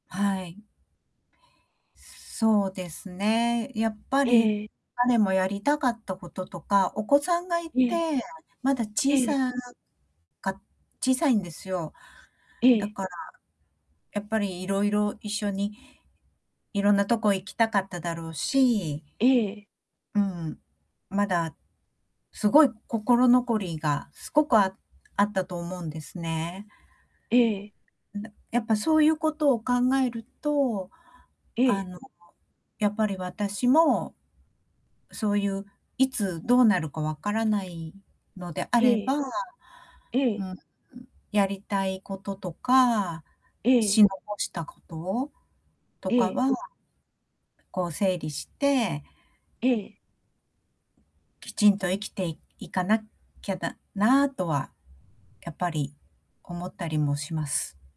はい。そうですね。やっぱえり、え。彼もやりたかったこととか、お子さんがいええ。て、まだえ小え。さか小さいんですよ。えだえ。から、やっぱりいろいろ一緒に、いろんなとこ行きたかっただろうしええええ。うん、まだ、すごい心残りが、すごくああったと思うんですね。ええ。んなやっぱそういうことを考えると、えあえ。の、やっぱり私も、そういう、いつどうなるか分からないのであれええ。ば、うん、ええ。ん、やりたいこととか、ええ。し残したこと、とえかえ。はこう整理してええ。きちんと生きていいかなきゃだなとは、やっぱり、思ったりもします。